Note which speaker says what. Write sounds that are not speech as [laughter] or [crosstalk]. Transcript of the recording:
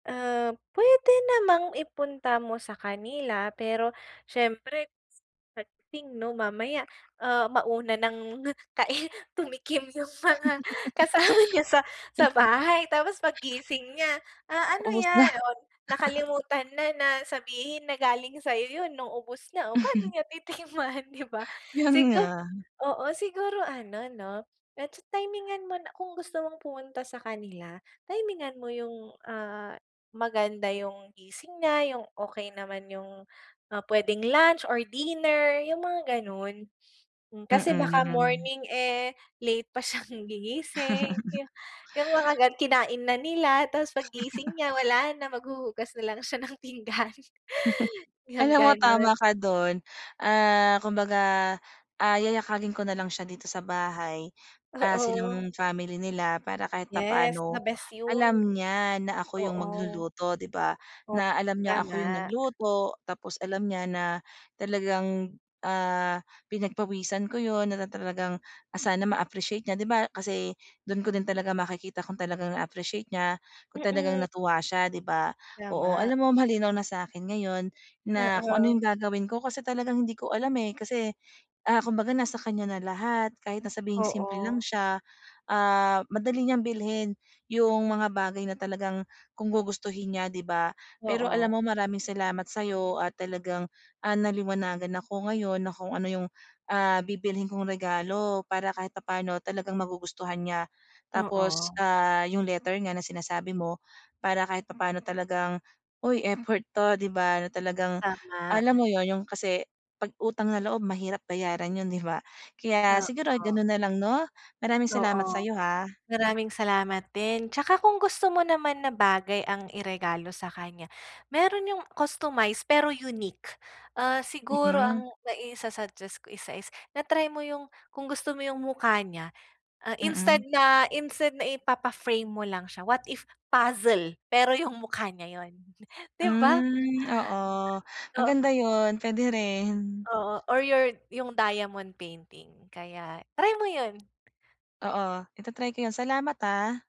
Speaker 1: Uh, puwede namang ipunta mo sa kanila, pero siyempre, sa pagdating 'no? Mamaya, uh, mauna ng kai tumikim yung mga kasama niya sa sa bahay, tapos paggising niya, ah, "Ano
Speaker 2: Ubos na.
Speaker 1: yan?" Oh, nakalimutan na, na sabihin na galing sa'yo yun nung ubos na. O, paano niya titikman, 'di ba?
Speaker 2: Yun
Speaker 1: Sigu
Speaker 2: nga.
Speaker 1: oo, siguro ano 'no, medyo timingan mo na kung gusto mong pumunta sa kanila, timingan mo yung, ah, maganda yung gising niya, yung okey naman yung, ah, puwedeng lunch or dinner yung mga ganun. [sniffs] Mm, kasi baka
Speaker 2: Mm.
Speaker 1: morning, eh, late pa siyang gigising, yung mga ganu kinain na nila tapos pag gising niya wala na, maghuhugas na lang siya ng pinggan. Yung
Speaker 2: Alam mo tama
Speaker 1: ganun.
Speaker 2: ka dun, ah, kumbaga, ah, yayakagin ko na lang siya dito sa bahay. Ah,
Speaker 1: Oo.
Speaker 2: silang family nila para kahit
Speaker 1: Yes,
Speaker 2: papaano
Speaker 1: the best yun.
Speaker 2: alam niya na ako yung
Speaker 1: Oo.
Speaker 2: magluluto, 'di ba?
Speaker 1: Oh,
Speaker 2: Na alam niya ako yung
Speaker 1: tama.
Speaker 2: nagluto tapos alam niya na talagang, ah, pinagpawisan ko yun, na talagang sana ma-appreciate niya. 'Di ba kasi dun ko din talaga makikita kung talagang na-appreciate niya kung talagang
Speaker 1: Mm.
Speaker 2: natuwa siya di ba. Oo
Speaker 1: Tama.
Speaker 2: alam mo malinaw na sa akin ngayon na kung ano
Speaker 1: Oo.
Speaker 2: yung gagawin ko kasi talagang hindi ko alam, eh, kasi, ah, kumbaga nasa kanya na lahat. Kahit na sabihing simple lang
Speaker 1: Oo.
Speaker 2: siya, ah, madali niyang bilhin yung mga bagay na talagang kung gugustuhin niya, 'di ba? Pero
Speaker 1: Oo.
Speaker 2: alam mo maraming salamat sa 'yo at talagang, ah, naliwanagan ako ngayon na kung ano yung, ah, bibilhin kong regalo para kahit papaano talagang magugustuhan niya. Tapos,
Speaker 1: Oo.
Speaker 2: ah, yung letter nga na sinasabi mo para kahit papaano talagang, uy, effort to, 'di ba, na talagang
Speaker 1: Tama.
Speaker 2: alam mo yun, yung kasi 'pag utang na loob mahirap bayaran yun, 'di ba? Kaya siguro
Speaker 1: Oo.
Speaker 2: ganun na lang 'no? Maraming salamat sa
Speaker 1: Oo.
Speaker 2: 'yo, ha.
Speaker 1: Maraming salamat din. Tsaka kung gusto mo naman na bagay ang iregalo sa kanya, meron yung customized pero unique. Uh, siguro
Speaker 2: Mm.
Speaker 1: ang maisa-suggest ko isa is na-trymo yung kung gusto mo yung mukha niya, uh, instead
Speaker 2: Mm.
Speaker 1: na, instead na ipapa-frame mo lang siya, what if puzzle, pero yung mukha niya yun 'di ba?
Speaker 2: Hmm, oo,
Speaker 1: Oo.
Speaker 2: maganda yun. Puwede rin.
Speaker 1: Oo or your yung diamond painting. Kaya, try mo yun.
Speaker 2: Oo, ita-try ko yun. Salamat, ha.